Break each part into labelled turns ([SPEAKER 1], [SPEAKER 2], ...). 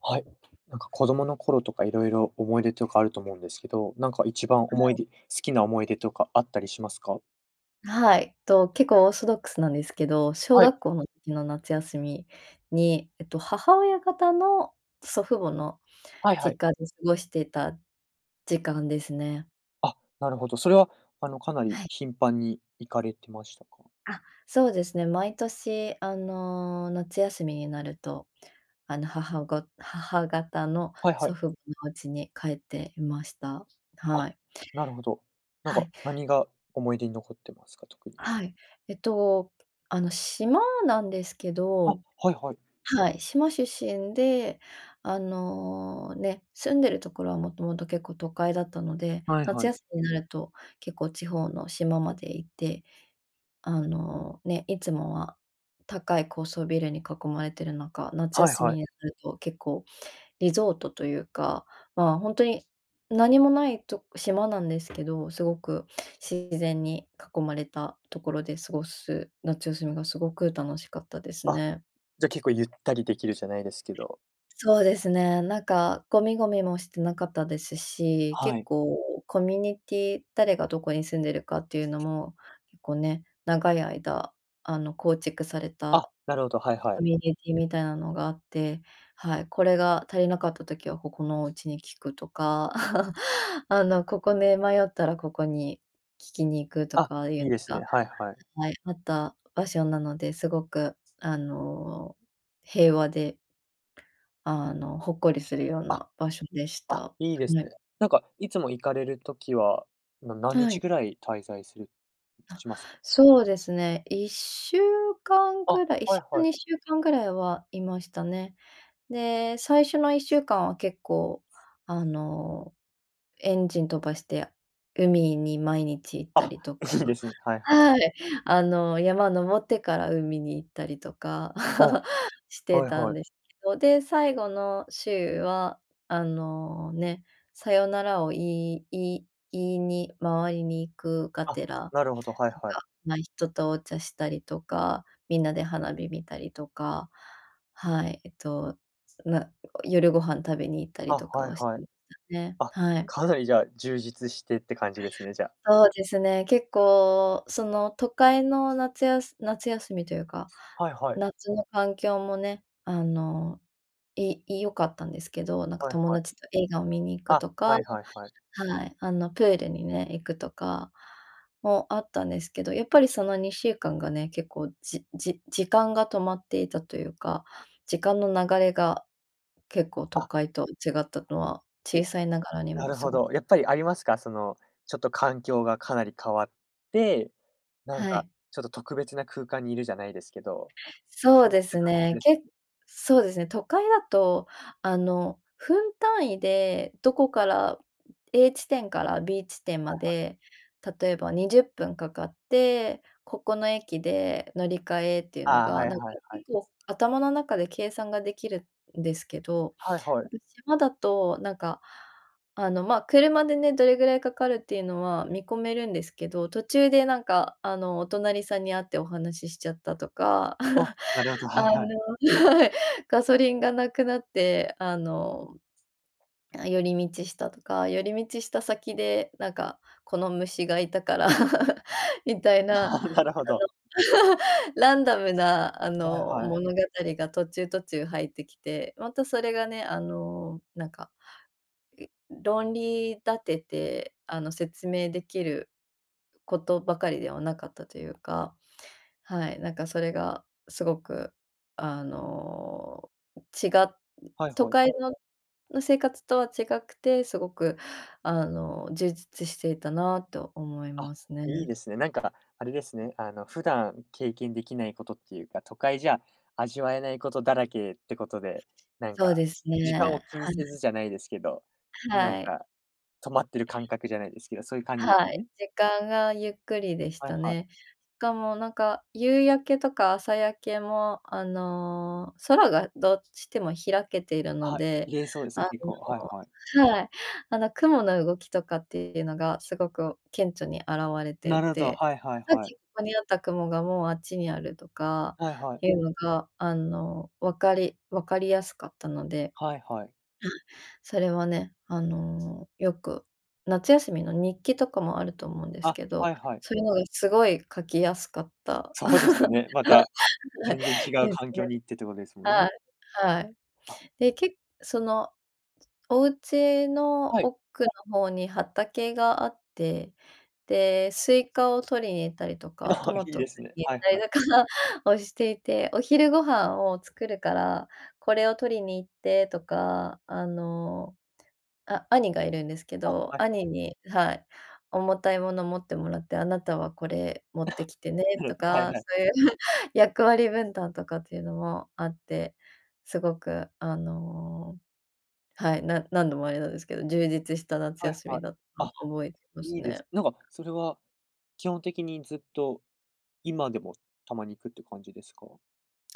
[SPEAKER 1] はい、なんか子供の頃とか色々思い出とかあると思うんですけど、なんか一番
[SPEAKER 2] は
[SPEAKER 1] 思い
[SPEAKER 2] い。
[SPEAKER 1] 出好きな思い出とかあったりしますか？
[SPEAKER 2] はい、と、結構オーソドックスなんですけど、小
[SPEAKER 1] はい。
[SPEAKER 2] 学校の時の夏休みに、えっと、母親方の祖父母の
[SPEAKER 1] はいはい。
[SPEAKER 2] 実家で過ごしてた時間ですね。
[SPEAKER 1] あ、なるほど、それはあの、かな
[SPEAKER 2] は
[SPEAKER 1] り
[SPEAKER 2] い。
[SPEAKER 1] 頻繁に行かれてましたか？
[SPEAKER 2] あ、そうですね、毎年あの、夏休みになると、あの母ご母方の
[SPEAKER 1] はいは
[SPEAKER 2] 祖
[SPEAKER 1] い。
[SPEAKER 2] 父母の家に帰っていました。
[SPEAKER 1] あ、
[SPEAKER 2] はい。
[SPEAKER 1] なるほど。なん
[SPEAKER 2] は
[SPEAKER 1] か、
[SPEAKER 2] い。
[SPEAKER 1] 何が思い出に残ってますか？特に。
[SPEAKER 2] はい。えっと、あの、島なんですけ
[SPEAKER 1] あ、
[SPEAKER 2] ど。
[SPEAKER 1] はいはい。
[SPEAKER 2] はい、島出身であの、ね、住んでるところはもともと結構都会だったので、
[SPEAKER 1] はい
[SPEAKER 2] 夏
[SPEAKER 1] はい。
[SPEAKER 2] 休みになると結構地方の島まで行って。あの、ね、いつもは高い高層ビルに囲まれている中、夏
[SPEAKER 1] はい
[SPEAKER 2] 休み
[SPEAKER 1] はい。
[SPEAKER 2] になると結構リゾートというか、まあ、ほんとに何もないと、島なんですけど、すごく自然に囲まれたところで過ごす夏休みが、すごく楽しかったです
[SPEAKER 1] あ、
[SPEAKER 2] ね。
[SPEAKER 1] じゃ、結構ゆったりできるじゃないですけど。
[SPEAKER 2] そうですね、なんかごみごみもしてなかったですし、
[SPEAKER 1] は
[SPEAKER 2] 結
[SPEAKER 1] い。
[SPEAKER 2] 構コミュニティ誰がどこに住んでるかっていうのもこうね、長い間あの構築され
[SPEAKER 1] あ、
[SPEAKER 2] た
[SPEAKER 1] なるほど、はいは
[SPEAKER 2] コ
[SPEAKER 1] い。
[SPEAKER 2] ミュニティみたいなのがあって、はい、これが足りなかった時は、ここのお家に聞くとか。あの、ここ、め迷ったら、ここに聞きに行くと
[SPEAKER 1] あ、
[SPEAKER 2] かいう
[SPEAKER 1] いい
[SPEAKER 2] の
[SPEAKER 1] ですね。
[SPEAKER 2] が、
[SPEAKER 1] はいはい。
[SPEAKER 2] はい、あった場所なのですごくあの平和で、あの、ほっこりするよう
[SPEAKER 1] あ。
[SPEAKER 2] な場所でし
[SPEAKER 1] あ、
[SPEAKER 2] た
[SPEAKER 1] いいです
[SPEAKER 2] ね。
[SPEAKER 1] ね。なんかいつも行かれる時は、な何
[SPEAKER 2] は
[SPEAKER 1] 日
[SPEAKER 2] い。
[SPEAKER 1] ぐらい滞在する
[SPEAKER 2] あ、
[SPEAKER 1] しますか？
[SPEAKER 2] そうですね。1週間
[SPEAKER 1] あ、
[SPEAKER 2] ぐらいいっし
[SPEAKER 1] はい
[SPEAKER 2] ゅう、
[SPEAKER 1] はい。
[SPEAKER 2] 2週間ぐらいはいましたね。で、最初の1週間は結構あの、エンジン飛ばして海に毎日行った
[SPEAKER 1] あ、
[SPEAKER 2] りとか、
[SPEAKER 1] いいですね。はいはい。
[SPEAKER 2] はい。あの、山登ってから海に行ったりとか
[SPEAKER 1] あ、
[SPEAKER 2] して
[SPEAKER 1] はい
[SPEAKER 2] たん
[SPEAKER 1] はい。
[SPEAKER 2] ですけど。で、最後の週はあの、ね、さよならを言い言い言いに回りに行くが
[SPEAKER 1] あ、
[SPEAKER 2] てら、なん
[SPEAKER 1] なるほど、はいはい。
[SPEAKER 2] か、ま、人とお茶したりとか、みんなで花火見たりとか、はい。えっと、な夜ご飯食べに行ったり
[SPEAKER 1] あ、
[SPEAKER 2] とか
[SPEAKER 1] はい
[SPEAKER 2] をし
[SPEAKER 1] は
[SPEAKER 2] て
[SPEAKER 1] い。
[SPEAKER 2] ましたね。
[SPEAKER 1] あ、
[SPEAKER 2] はい。
[SPEAKER 1] かなりじゃあ、充実してって感じですね、じゃあ。
[SPEAKER 2] そうですね、結構その都会の夏やす夏休みというか、
[SPEAKER 1] はいはい。
[SPEAKER 2] 夏の環境もね、あの、い良かったんですけど、なんか
[SPEAKER 1] はい
[SPEAKER 2] 友
[SPEAKER 1] はい。
[SPEAKER 2] 達と映画を見に行く
[SPEAKER 1] あ、
[SPEAKER 2] とか、
[SPEAKER 1] はいはいはい。
[SPEAKER 2] はい。あのプールにね、行くとかもあったんですけど、やっぱり、その2週間がね、結構じじ時間が止まっていたというか、時間の流れが結構都
[SPEAKER 1] あ。
[SPEAKER 2] 会と違ったのは、
[SPEAKER 1] ゆ
[SPEAKER 2] 小さいながらに
[SPEAKER 1] な
[SPEAKER 2] も
[SPEAKER 1] る
[SPEAKER 2] す
[SPEAKER 1] ほ
[SPEAKER 2] ご
[SPEAKER 1] ど、やっぱりありますか？その、ちょっと環境がかなり変わって、なん
[SPEAKER 2] は
[SPEAKER 1] か
[SPEAKER 2] い。
[SPEAKER 1] ちょっと特別な空間にいるじゃないですけど、
[SPEAKER 2] そう
[SPEAKER 1] そうや
[SPEAKER 2] で
[SPEAKER 1] って
[SPEAKER 2] す
[SPEAKER 1] 感覚
[SPEAKER 2] ね、
[SPEAKER 1] です
[SPEAKER 2] けっ
[SPEAKER 1] かね。
[SPEAKER 2] そうですね、都会だとあの、分単位でどこから A 地点から B 地点ま
[SPEAKER 1] はいはい。
[SPEAKER 2] で、例えば20分掛かって、ここの駅で乗り換えっていうの
[SPEAKER 1] ああ、は
[SPEAKER 2] が
[SPEAKER 1] い
[SPEAKER 2] なんか
[SPEAKER 1] はいはい。
[SPEAKER 2] 結構頭の中で計算ができるんですけど。
[SPEAKER 1] はいはい。
[SPEAKER 2] 島だとなんかあの、ま、車でね、どれぐらいかかるっていうのは見込めるんですけど、途中でなんかあのお隣さんに会ってお話ししちゃったとか。
[SPEAKER 1] あ、なるほど、
[SPEAKER 2] あ
[SPEAKER 1] はいはい。
[SPEAKER 2] の、はい。ガソリンがなくなってあの、寄り道したとか。寄り道した先でなんかこの虫がいたから、みたいな。あ
[SPEAKER 1] ああ、な
[SPEAKER 2] の、
[SPEAKER 1] るほど。
[SPEAKER 2] ランダムなあ
[SPEAKER 1] はい
[SPEAKER 2] の、
[SPEAKER 1] はい。
[SPEAKER 2] 物語が途中‐途中入ってきて、またそれがね、あの、なんか、論理立てて、あの、説明できることばかりではなかったというか。はい、なんかそれがすごくあの、ちが
[SPEAKER 1] はい
[SPEAKER 2] 都
[SPEAKER 1] はい。
[SPEAKER 2] 会の生活とは違くて、すごくあの、充実していたなと思い
[SPEAKER 1] あ、
[SPEAKER 2] ますね。
[SPEAKER 1] いいですね。なんか、あれですね、あの、普段経験できないことっていうか、都会じゃ味わえないことだらけってことで。なん
[SPEAKER 2] そ
[SPEAKER 1] か
[SPEAKER 2] うです
[SPEAKER 1] 時間
[SPEAKER 2] ね。
[SPEAKER 1] を気に
[SPEAKER 2] は
[SPEAKER 1] せ
[SPEAKER 2] い。
[SPEAKER 1] ずじゃないですけど、なん
[SPEAKER 2] はい。
[SPEAKER 1] か止まってる感覚じゃないですけど、そういう感じです
[SPEAKER 2] は
[SPEAKER 1] よ
[SPEAKER 2] い、
[SPEAKER 1] ね？
[SPEAKER 2] 時間がゆっくりでし
[SPEAKER 1] はい
[SPEAKER 2] た
[SPEAKER 1] はい。
[SPEAKER 2] ね。しかもなんか夕焼けとか朝焼けも、あの、空がどっちでも開けているの
[SPEAKER 1] はい、
[SPEAKER 2] で、
[SPEAKER 1] 綺麗そうです
[SPEAKER 2] あ
[SPEAKER 1] ね、結構、はいはい。
[SPEAKER 2] の、はい、あの雲の動きとかっていうのがすごく顕著に現れて
[SPEAKER 1] な
[SPEAKER 2] い
[SPEAKER 1] るほど、
[SPEAKER 2] て、
[SPEAKER 1] はいはい
[SPEAKER 2] さっ
[SPEAKER 1] はい。
[SPEAKER 2] きここにあった雲がもうあっちにあるとか
[SPEAKER 1] はいはい。
[SPEAKER 2] いうのが、あの、分かり分かりやすかったので。はい、
[SPEAKER 1] はいはい。
[SPEAKER 2] それはね、あのよく夏休みの日記とかもあると思うんです
[SPEAKER 1] あ、
[SPEAKER 2] けど、
[SPEAKER 1] はいはい。
[SPEAKER 2] そういうのがすごい書きやすかった
[SPEAKER 1] そうですよね。また、全然違 う
[SPEAKER 2] です
[SPEAKER 1] 環境
[SPEAKER 2] ね。
[SPEAKER 1] に行ってってことですもん
[SPEAKER 2] は
[SPEAKER 1] ね。
[SPEAKER 2] い、はい。
[SPEAKER 1] あ。
[SPEAKER 2] でけそのお家の
[SPEAKER 1] はい。
[SPEAKER 2] 奥の方に畑があって、で、スイカを採りに行ったりとか、
[SPEAKER 1] あ
[SPEAKER 2] ト
[SPEAKER 1] あ、い
[SPEAKER 2] マ
[SPEAKER 1] い
[SPEAKER 2] ト、
[SPEAKER 1] ですね。
[SPEAKER 2] 限
[SPEAKER 1] はいは
[SPEAKER 2] 界
[SPEAKER 1] い。
[SPEAKER 2] だからをしていて。お昼ご飯を作るから、これを採りに行ってとか。あの、あ、兄がいるんですけ
[SPEAKER 1] あ、は
[SPEAKER 2] ど、
[SPEAKER 1] いはい。
[SPEAKER 2] 兄に、はい、重たいもの持ってもらって、あなたはこれ持ってきてね
[SPEAKER 1] なる
[SPEAKER 2] と
[SPEAKER 1] ほど。はい
[SPEAKER 2] か、
[SPEAKER 1] はい。
[SPEAKER 2] そういう役割分担とかっていうのもあって。すごくあの、はい、な何度もあれなんですけど、充実した夏
[SPEAKER 1] はい
[SPEAKER 2] 休み
[SPEAKER 1] はい。
[SPEAKER 2] だった
[SPEAKER 1] あ、
[SPEAKER 2] と覚えてま
[SPEAKER 1] い
[SPEAKER 2] す
[SPEAKER 1] いです
[SPEAKER 2] ね。
[SPEAKER 1] なんか、それは基本的にずっと、今でもたまに行くって感じですか？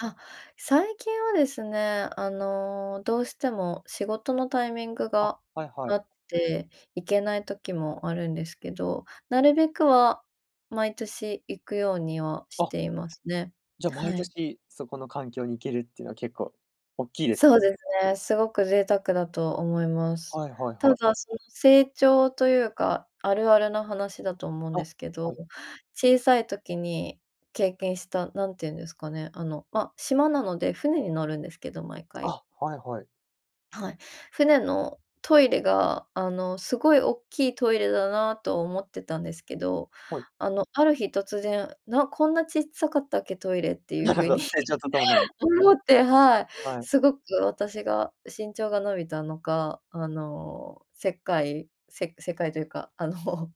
[SPEAKER 2] あ、最近はですね、あのどうしても仕事のタイミング
[SPEAKER 1] あ、
[SPEAKER 2] が
[SPEAKER 1] はいはい。
[SPEAKER 2] あって行けない時もあるんですけど、なるべくは毎年行くようにはし
[SPEAKER 1] あ。
[SPEAKER 2] ていますね。
[SPEAKER 1] じゃ、毎
[SPEAKER 2] はい。
[SPEAKER 1] 年、そこの環境に行けるっていうのは結構、大きいです
[SPEAKER 2] そう
[SPEAKER 1] ね。
[SPEAKER 2] ですね、すごく贅沢だと思います。
[SPEAKER 1] はいはい
[SPEAKER 2] た
[SPEAKER 1] はい。
[SPEAKER 2] だ、その成長というか、あるあるの話だと思うんで
[SPEAKER 1] あ、
[SPEAKER 2] すけど、
[SPEAKER 1] はい。
[SPEAKER 2] 小さい時に経験した、何て言うんですかね、あの、ま、島なので、船に乗るんですけど、毎回。
[SPEAKER 1] あ、はいはい。
[SPEAKER 2] はい、船のトイレがあの、すごい大きいトイレだなと思ってたんですけど、
[SPEAKER 1] はい。
[SPEAKER 2] あの、ある日突然「なこんなちっさかったっけトイレ」っていう
[SPEAKER 1] なるほ
[SPEAKER 2] 風
[SPEAKER 1] ど、
[SPEAKER 2] に
[SPEAKER 1] 成長と共に。
[SPEAKER 2] 思って、はい。
[SPEAKER 1] はい。
[SPEAKER 2] すごく私が身長が伸びたのか、あの世界世界というか、あの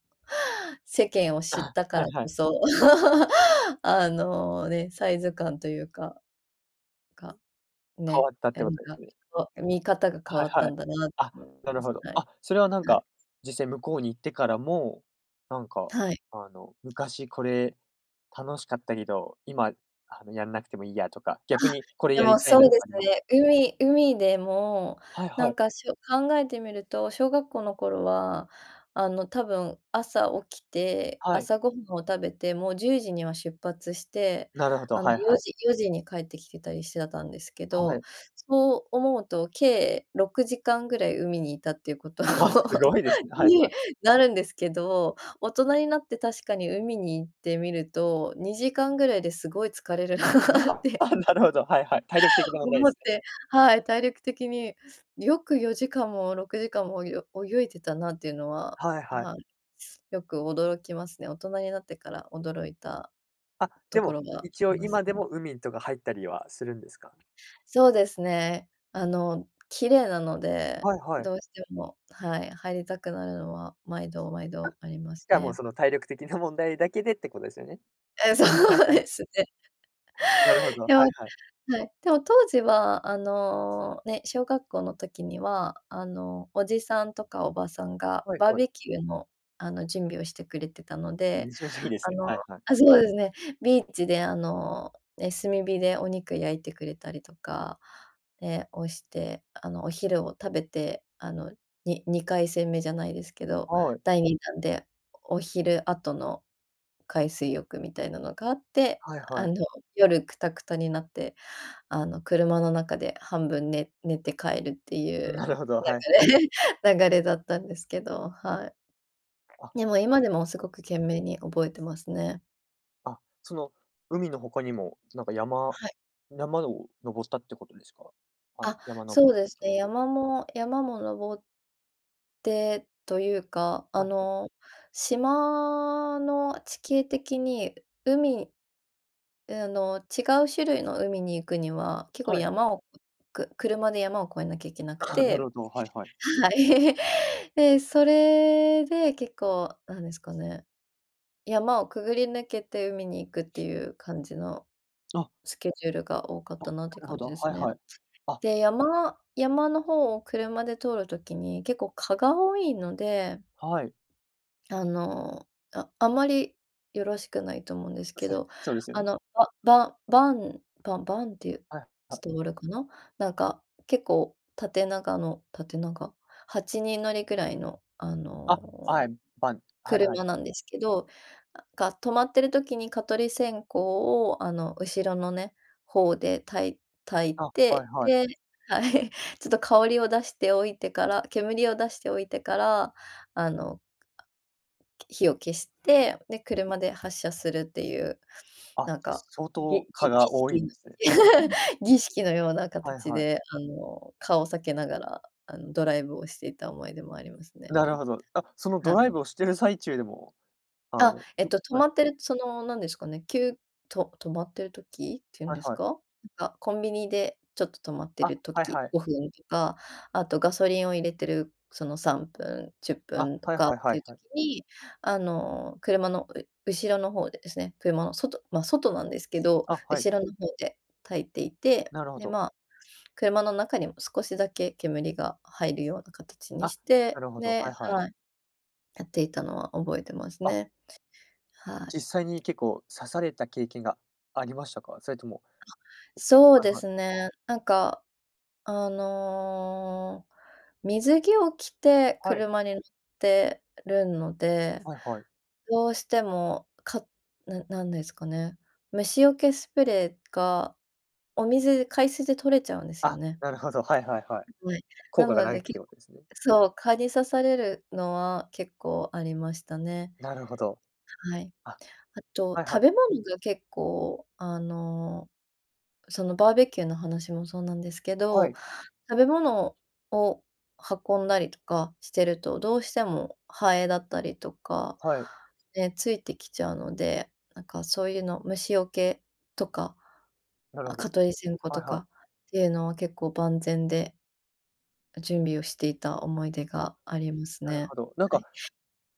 [SPEAKER 2] 世間を知っ
[SPEAKER 1] あ、
[SPEAKER 2] たか
[SPEAKER 1] は
[SPEAKER 2] ら
[SPEAKER 1] い
[SPEAKER 2] こ
[SPEAKER 1] はい。
[SPEAKER 2] そ あの、ね、サイズ感というか、か
[SPEAKER 1] 変
[SPEAKER 2] ね、
[SPEAKER 1] わったっ
[SPEAKER 2] な
[SPEAKER 1] てこ
[SPEAKER 2] ん
[SPEAKER 1] とです
[SPEAKER 2] か、
[SPEAKER 1] ね。
[SPEAKER 2] そう、見方が変
[SPEAKER 1] はい
[SPEAKER 2] わった
[SPEAKER 1] はい。
[SPEAKER 2] んだなと
[SPEAKER 1] あ、
[SPEAKER 2] 思
[SPEAKER 1] な
[SPEAKER 2] いま
[SPEAKER 1] る
[SPEAKER 2] す。
[SPEAKER 1] ほど。
[SPEAKER 2] はい、
[SPEAKER 1] あ、それはなん
[SPEAKER 2] はい。
[SPEAKER 1] か、実際向こうに行ってからも、なんか
[SPEAKER 2] はい。
[SPEAKER 1] あの昔これ楽しかったけど、今あの、やんなくてもいいやとか、逆
[SPEAKER 2] あ、
[SPEAKER 1] にこれ
[SPEAKER 2] で
[SPEAKER 1] や
[SPEAKER 2] も、
[SPEAKER 1] りたい
[SPEAKER 2] そ
[SPEAKER 1] な
[SPEAKER 2] う
[SPEAKER 1] と
[SPEAKER 2] で
[SPEAKER 1] かあ
[SPEAKER 2] す
[SPEAKER 1] ります？
[SPEAKER 2] ね。海海でも
[SPEAKER 1] はい
[SPEAKER 2] な
[SPEAKER 1] は
[SPEAKER 2] ん
[SPEAKER 1] い。
[SPEAKER 2] か、しょ考えてみると、小学校の頃はあの、多分朝起きて、
[SPEAKER 1] はい。
[SPEAKER 2] 朝ご飯を食べて、もう10時には出発して、
[SPEAKER 1] なるほど、
[SPEAKER 2] あの
[SPEAKER 1] はい
[SPEAKER 2] よ
[SPEAKER 1] はい。
[SPEAKER 2] じ4時に帰ってきてたりしてたんですけ
[SPEAKER 1] は
[SPEAKER 2] ど。
[SPEAKER 1] い。
[SPEAKER 2] そう思うと、計6時間ぐらい海にいたっていうこと
[SPEAKER 1] あ、す ごいですね。はいはい。
[SPEAKER 2] になるんですけど、大人になって確かに海に行ってみると、2時間ぐらいで、すごい疲れるな
[SPEAKER 1] や
[SPEAKER 2] っ
[SPEAKER 1] っ
[SPEAKER 2] て
[SPEAKER 1] ぱ、なるほど、はいはい。体力的な問題で
[SPEAKER 2] 思っ
[SPEAKER 1] すね。
[SPEAKER 2] て。はい。体力的によく4時間も6時間も泳い泳いてたなっていうのは、
[SPEAKER 1] はいはい。
[SPEAKER 2] はい、よく驚きますね。大人になってから驚いた
[SPEAKER 1] あ、で
[SPEAKER 2] とこ
[SPEAKER 1] も
[SPEAKER 2] ろがあ
[SPEAKER 1] 一応
[SPEAKER 2] ります
[SPEAKER 1] 今で
[SPEAKER 2] ね。
[SPEAKER 1] も海とか入ったりはするんですか？
[SPEAKER 2] そうですね。あの綺麗なので、
[SPEAKER 1] はいは
[SPEAKER 2] ど
[SPEAKER 1] い。
[SPEAKER 2] うしても、はい、入りたくなるのは毎度毎度ありま
[SPEAKER 1] し
[SPEAKER 2] す
[SPEAKER 1] かも
[SPEAKER 2] ね。
[SPEAKER 1] その体力的な問題だけでって、ことですよね。
[SPEAKER 2] え、そ
[SPEAKER 1] はいは
[SPEAKER 2] う
[SPEAKER 1] いはい。
[SPEAKER 2] ですね。
[SPEAKER 1] なるほど、は
[SPEAKER 2] でも
[SPEAKER 1] いはい。
[SPEAKER 2] はい。でも当時はあの、ね、小学校の時にはあのおじさんとかおばさんが
[SPEAKER 1] はい
[SPEAKER 2] バー
[SPEAKER 1] はい。
[SPEAKER 2] ベキューのあの準備をしてくれてたので。
[SPEAKER 1] めちゃめちゃいいで
[SPEAKER 2] あ
[SPEAKER 1] すね。
[SPEAKER 2] の、
[SPEAKER 1] はいはい。
[SPEAKER 2] あ、そうですね、ビーチであの、え、炭火でお肉焼いてくれたりとか。で、をして、あのお昼を食べてあのに2回戦目じゃないですけど、
[SPEAKER 1] はい。
[SPEAKER 2] 第2弾でお昼後の海水浴みたいなのがあって、
[SPEAKER 1] はいは
[SPEAKER 2] あ
[SPEAKER 1] い。
[SPEAKER 2] の夜クタクタになって、あの車の中で半分ね寝て帰るっていう
[SPEAKER 1] なるほど、はいはい。
[SPEAKER 2] 流れ流れだったんですけど、はい。
[SPEAKER 1] あ、
[SPEAKER 2] でも、今でもすご く懸命に覚えてますね。
[SPEAKER 1] あ、その海の他にもなんか山
[SPEAKER 2] はい。
[SPEAKER 1] 山登ったってことですか？あ、
[SPEAKER 2] あ、
[SPEAKER 1] 山登
[SPEAKER 2] そうですね、山も山も登ってというか、あ
[SPEAKER 1] はいはい。
[SPEAKER 2] の、島の地形的に海うあの違う種類の海に行くには結構
[SPEAKER 1] はい。
[SPEAKER 2] 山をく車で山を越えなきゃいけなく
[SPEAKER 1] ああ、なる
[SPEAKER 2] て、
[SPEAKER 1] ほど、はいはい。
[SPEAKER 2] はい。で、それで結構なんですかね。山をくぐり抜けて海に行くっていう感じの
[SPEAKER 1] あ。
[SPEAKER 2] スケジュールが多かっ
[SPEAKER 1] あ、
[SPEAKER 2] た
[SPEAKER 1] な
[SPEAKER 2] なっていう
[SPEAKER 1] る
[SPEAKER 2] 感
[SPEAKER 1] ほ
[SPEAKER 2] じ
[SPEAKER 1] ど。
[SPEAKER 2] で
[SPEAKER 1] は
[SPEAKER 2] す
[SPEAKER 1] い
[SPEAKER 2] ね。
[SPEAKER 1] はい。あ。
[SPEAKER 2] で、山山の方を車で通る時に、結構蚊が多いので
[SPEAKER 1] はい。
[SPEAKER 2] あの、あ、あまりよろしくないと思うんですけ ど、
[SPEAKER 1] そうですよ
[SPEAKER 2] あ
[SPEAKER 1] ね。
[SPEAKER 2] のバババンバンバンっていう
[SPEAKER 1] はいはい。
[SPEAKER 2] 伝わるかな？なんか結構縦長の縦長？8人乗りぐらいのあ
[SPEAKER 1] あ、は
[SPEAKER 2] の
[SPEAKER 1] い、バン、はいはい
[SPEAKER 2] 車
[SPEAKER 1] は
[SPEAKER 2] な
[SPEAKER 1] い。
[SPEAKER 2] んですけど、が、止まってる時に蚊取り線香をあの後ろのね、方で焚い焚い
[SPEAKER 1] あ、はい
[SPEAKER 2] て、
[SPEAKER 1] はい。
[SPEAKER 2] で、はい、ちょっと香りを出しておいてから、煙を出しておいてからあの、あ、き火を消して、で車で発車するっていう
[SPEAKER 1] あ、
[SPEAKER 2] なんか、
[SPEAKER 1] 相
[SPEAKER 2] ぎ
[SPEAKER 1] 当蚊
[SPEAKER 2] ぎ儀
[SPEAKER 1] が多い
[SPEAKER 2] 式
[SPEAKER 1] ん
[SPEAKER 2] の
[SPEAKER 1] ですね。う ん。
[SPEAKER 2] 儀式のような
[SPEAKER 1] はい
[SPEAKER 2] 形
[SPEAKER 1] はい。
[SPEAKER 2] であの顔を避けながらあのドライブをしていた思い出もありますね。
[SPEAKER 1] なるほど。あ、そのド
[SPEAKER 2] は
[SPEAKER 1] ライ
[SPEAKER 2] い。
[SPEAKER 1] ブをしてる最中でも、あの、
[SPEAKER 2] あ、えっ
[SPEAKER 1] ふ、
[SPEAKER 2] と止
[SPEAKER 1] はい。
[SPEAKER 2] まってる、そのなんですかね、きゅうと止まってる時っていうん
[SPEAKER 1] はい
[SPEAKER 2] です
[SPEAKER 1] はい。
[SPEAKER 2] か？なんか、コンビニでちょっと止まってい
[SPEAKER 1] あ、
[SPEAKER 2] る
[SPEAKER 1] はい
[SPEAKER 2] 時、
[SPEAKER 1] はい。
[SPEAKER 2] 5分とか、あとガソリンを入れてる、その3分、じゅっぷ
[SPEAKER 1] あ、
[SPEAKER 2] んと
[SPEAKER 1] はい
[SPEAKER 2] かっ
[SPEAKER 1] はいは
[SPEAKER 2] てい
[SPEAKER 1] い
[SPEAKER 2] う
[SPEAKER 1] は
[SPEAKER 2] 時
[SPEAKER 1] い。
[SPEAKER 2] にあの車のう後ろの方でですね、車の外、ま、外なんですけど、
[SPEAKER 1] あ、はい。
[SPEAKER 2] 後ろの方で焚いていて、
[SPEAKER 1] なるほ
[SPEAKER 2] で
[SPEAKER 1] ど。
[SPEAKER 2] まあ、車の中にも少しだけ煙が入るような形に
[SPEAKER 1] あ、
[SPEAKER 2] し
[SPEAKER 1] な
[SPEAKER 2] て、
[SPEAKER 1] るほど、
[SPEAKER 2] で、
[SPEAKER 1] はいはい。
[SPEAKER 2] はい。やっていたのは覚えてます
[SPEAKER 1] あ。
[SPEAKER 2] ね。はい。
[SPEAKER 1] 実際に結構刺された経験がありましたか？それとも
[SPEAKER 2] そう
[SPEAKER 1] はい
[SPEAKER 2] で
[SPEAKER 1] はい。
[SPEAKER 2] すね。なんかあの水着を着て
[SPEAKER 1] はい。
[SPEAKER 2] 車に乗ってるので、
[SPEAKER 1] はいはい。
[SPEAKER 2] どうしても、かななんですかね？虫よけスプレーがお水海水で取れちゃうんですよ
[SPEAKER 1] あ、
[SPEAKER 2] ね。
[SPEAKER 1] なるほど、はいはいはい、
[SPEAKER 2] う、ぼえ、
[SPEAKER 1] 効
[SPEAKER 2] な
[SPEAKER 1] 果が
[SPEAKER 2] の
[SPEAKER 1] ないっ
[SPEAKER 2] で、けっ
[SPEAKER 1] ていうことですね。
[SPEAKER 2] そう、蚊に刺されるのは結構ありましたね。
[SPEAKER 1] なるほど。
[SPEAKER 2] はい。
[SPEAKER 1] あ、
[SPEAKER 2] あと
[SPEAKER 1] はい
[SPEAKER 2] 食
[SPEAKER 1] はい。
[SPEAKER 2] べ物が結構あの、そのバーベキューの話もそうなんですけ
[SPEAKER 1] は
[SPEAKER 2] ど、
[SPEAKER 1] い。
[SPEAKER 2] 食べ物を運んだりとかしてるとどうしてもハエだったりとか、
[SPEAKER 1] はい。
[SPEAKER 2] ね、ついてきちゃうので、なんかそういうの虫よけとか、
[SPEAKER 1] なるほど。
[SPEAKER 2] 蚊取り線香
[SPEAKER 1] は
[SPEAKER 2] と
[SPEAKER 1] いはい。
[SPEAKER 2] かっていうのは結構万全で準備をしていた思い出
[SPEAKER 1] あ、
[SPEAKER 2] があります
[SPEAKER 1] なる
[SPEAKER 2] ね。
[SPEAKER 1] ほど。なん
[SPEAKER 2] は
[SPEAKER 1] か、
[SPEAKER 2] い。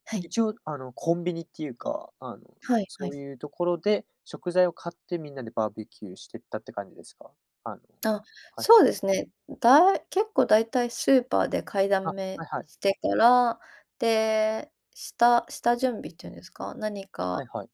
[SPEAKER 2] はい。
[SPEAKER 1] 一応、あの、コンビニっていうか、あの、
[SPEAKER 2] はいは
[SPEAKER 1] そう
[SPEAKER 2] い。
[SPEAKER 1] いうところで、食材を買ってみんなでバーベキューしてったって感じですか？あの、
[SPEAKER 2] あ、
[SPEAKER 1] はい。
[SPEAKER 2] そうですね、だい結構大体スーパーで買いだ
[SPEAKER 1] あ、
[SPEAKER 2] め
[SPEAKER 1] はいはい。
[SPEAKER 2] してから、で、下下準備っていうんですか？何
[SPEAKER 1] はい
[SPEAKER 2] か
[SPEAKER 1] はい。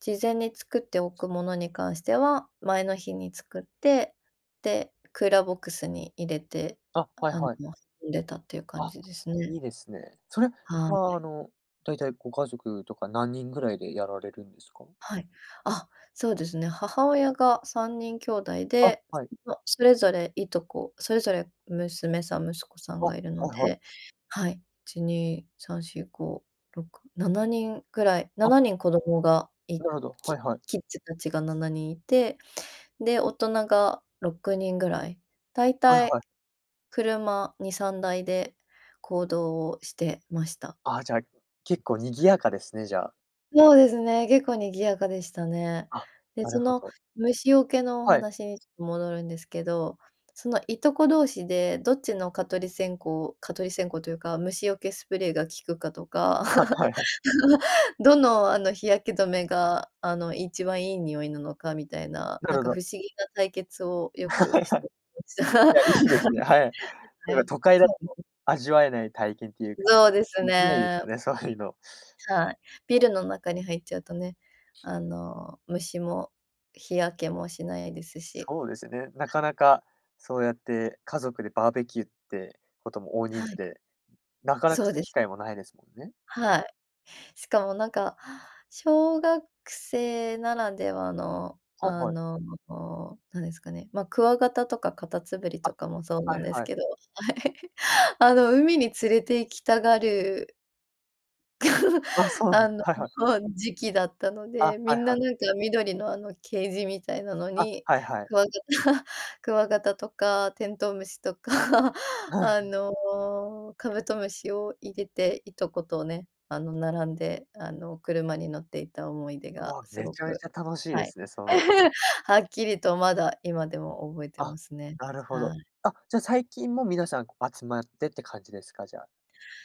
[SPEAKER 2] 事前に作っておくものに関しては、前の日に作って、で、クーラーボックスに入れて、
[SPEAKER 1] あ、はい
[SPEAKER 2] あの、
[SPEAKER 1] はい。
[SPEAKER 2] も、入れたっていう感
[SPEAKER 1] あ、
[SPEAKER 2] じですね。
[SPEAKER 1] いいですね。それ
[SPEAKER 2] は
[SPEAKER 1] は、
[SPEAKER 2] い。
[SPEAKER 1] あの大体ご家族とか何人ぐらいでやられるんですか？
[SPEAKER 2] はい、あ、そうですね、母親が3人兄弟
[SPEAKER 1] あ、
[SPEAKER 2] で、
[SPEAKER 1] はい。
[SPEAKER 2] いそそれぞれいとこ、それぞれ娘さん息子さん
[SPEAKER 1] あ、
[SPEAKER 2] が
[SPEAKER 1] は
[SPEAKER 2] いるの
[SPEAKER 1] いはい。
[SPEAKER 2] で、はい、1、2、3、4、5、6、7人ぐらい、な
[SPEAKER 1] あ。
[SPEAKER 2] なにん子供がい
[SPEAKER 1] なるほど、は
[SPEAKER 2] キ
[SPEAKER 1] いはい。
[SPEAKER 2] キッズ達が7人いて、で大人が6人ぐらい、だい
[SPEAKER 1] はい
[SPEAKER 2] たい
[SPEAKER 1] はい。
[SPEAKER 2] 車2、3台で行動をしてました。
[SPEAKER 1] あ、じゃあ、結構賑やかですね、じゃあ。
[SPEAKER 2] そうですね、結構賑やかでしたね。
[SPEAKER 1] あ、
[SPEAKER 2] で、
[SPEAKER 1] な
[SPEAKER 2] そ
[SPEAKER 1] るほ
[SPEAKER 2] の
[SPEAKER 1] ど。
[SPEAKER 2] 虫よけのお
[SPEAKER 1] はい。
[SPEAKER 2] 話にちょっと戻るんですけど、そのいとこ同士でどっちの蚊取り線蚊取り線香というか虫よけスプレーが効くかとか、
[SPEAKER 1] はいはい。
[SPEAKER 2] どのあの日焼け止めが、あの一番いい匂いなのかみたいな
[SPEAKER 1] な
[SPEAKER 2] な
[SPEAKER 1] る
[SPEAKER 2] んか
[SPEAKER 1] ほ
[SPEAKER 2] 不
[SPEAKER 1] ど。
[SPEAKER 2] 思議な対決をよくし てました。
[SPEAKER 1] いや、いいですね。はい。なん
[SPEAKER 2] は
[SPEAKER 1] か
[SPEAKER 2] い、
[SPEAKER 1] 都会だ
[SPEAKER 2] そう
[SPEAKER 1] と
[SPEAKER 2] です。
[SPEAKER 1] 味わえない体験というか、
[SPEAKER 2] ぞうです
[SPEAKER 1] できないです
[SPEAKER 2] ね。
[SPEAKER 1] よね、そういうの。
[SPEAKER 2] さい、ビルの中に入っちゃうとね、あの虫も日焼けもしないですし。
[SPEAKER 1] そうですね、なかなか、そうやって家族でバーベキューってことも大人
[SPEAKER 2] は
[SPEAKER 1] 数
[SPEAKER 2] い。
[SPEAKER 1] で、なかなか
[SPEAKER 2] そ
[SPEAKER 1] そ
[SPEAKER 2] う
[SPEAKER 1] ういう
[SPEAKER 2] で
[SPEAKER 1] 機
[SPEAKER 2] す。
[SPEAKER 1] 会もないですもんね。
[SPEAKER 2] はい、しかもなんか、小学生ならではの、
[SPEAKER 1] はい
[SPEAKER 2] あ
[SPEAKER 1] はい。
[SPEAKER 2] の、何ですかね、ま、クワガタとかカタツムリ
[SPEAKER 1] あ、
[SPEAKER 2] とかもそうな
[SPEAKER 1] は
[SPEAKER 2] ん
[SPEAKER 1] い
[SPEAKER 2] です
[SPEAKER 1] はい。
[SPEAKER 2] けど、はい、あの海に連れて行きたがる
[SPEAKER 1] あ、そ うなんで
[SPEAKER 2] あ
[SPEAKER 1] す、
[SPEAKER 2] の、
[SPEAKER 1] はいはい。
[SPEAKER 2] ほん、時期だったの
[SPEAKER 1] あ、
[SPEAKER 2] で、み
[SPEAKER 1] はい
[SPEAKER 2] ん
[SPEAKER 1] は
[SPEAKER 2] な、
[SPEAKER 1] い。
[SPEAKER 2] なんか緑のあの、ケージみたいなの
[SPEAKER 1] あ、
[SPEAKER 2] に、
[SPEAKER 1] はいはい。
[SPEAKER 2] クワガタ クワガタとかテントウムシとか、
[SPEAKER 1] う
[SPEAKER 2] あ
[SPEAKER 1] ん。
[SPEAKER 2] の、カブトムシを入れて、いとことね、あの並んで、あの車に乗っていた思い出
[SPEAKER 1] う
[SPEAKER 2] が
[SPEAKER 1] わ、
[SPEAKER 2] す
[SPEAKER 1] め
[SPEAKER 2] ご
[SPEAKER 1] ちゃめ
[SPEAKER 2] く、
[SPEAKER 1] ちゃ楽しい
[SPEAKER 2] は
[SPEAKER 1] で
[SPEAKER 2] い、
[SPEAKER 1] すね、それ。
[SPEAKER 2] はっきりとまだ、今でも覚えて
[SPEAKER 1] あ、
[SPEAKER 2] ますね。
[SPEAKER 1] なるほ
[SPEAKER 2] は
[SPEAKER 1] ど。
[SPEAKER 2] い。
[SPEAKER 1] あ、じゃあ最近も皆さん、こ、集まってって感じですか？じゃあ。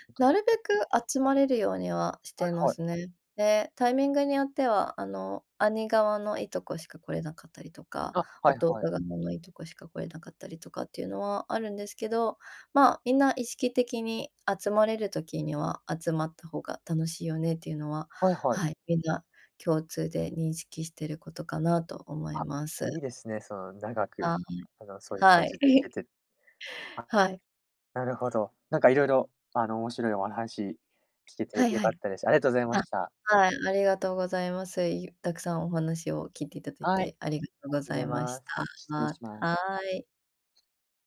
[SPEAKER 1] 大人に
[SPEAKER 2] なる
[SPEAKER 1] な
[SPEAKER 2] べ
[SPEAKER 1] って。
[SPEAKER 2] く集まれるようにはし
[SPEAKER 1] は
[SPEAKER 2] ていま
[SPEAKER 1] いはい。
[SPEAKER 2] すね。で、タイミングによってはあの、兄側のいとこしか来れなかったりとか、
[SPEAKER 1] あ、はい
[SPEAKER 2] 弟
[SPEAKER 1] はい。
[SPEAKER 2] 側のいとこしか来れなかったりとかっていうのはあるんですけど、ま、みんな意識的に集まれる時には集まった方が楽しいよねっていうのは、
[SPEAKER 1] はいはい。
[SPEAKER 2] はい、みんな共通で認識してることかなと思い
[SPEAKER 1] あ、
[SPEAKER 2] ます。
[SPEAKER 1] いいですね、その長く、
[SPEAKER 2] はい。
[SPEAKER 1] あのそういう
[SPEAKER 2] は
[SPEAKER 1] 感じで行
[SPEAKER 2] い。
[SPEAKER 1] け て。あ。
[SPEAKER 2] はい。
[SPEAKER 1] なるほど。なんか色々あの、面白いおはし聞け
[SPEAKER 2] は
[SPEAKER 1] て
[SPEAKER 2] い
[SPEAKER 1] 良
[SPEAKER 2] は
[SPEAKER 1] か
[SPEAKER 2] い。
[SPEAKER 1] ったです。ありがとうございま
[SPEAKER 2] あ、
[SPEAKER 1] した。
[SPEAKER 2] はい、ありがとうございます。い、たくさんお話を聞いていただい
[SPEAKER 1] はい、あり
[SPEAKER 2] て、あ
[SPEAKER 1] が
[SPEAKER 2] りがとうご
[SPEAKER 1] とう
[SPEAKER 2] ざ
[SPEAKER 1] ござい
[SPEAKER 2] いま
[SPEAKER 1] ま
[SPEAKER 2] し
[SPEAKER 1] す。
[SPEAKER 2] た。
[SPEAKER 1] 失礼
[SPEAKER 2] あ、
[SPEAKER 1] しま
[SPEAKER 2] はい。
[SPEAKER 1] す。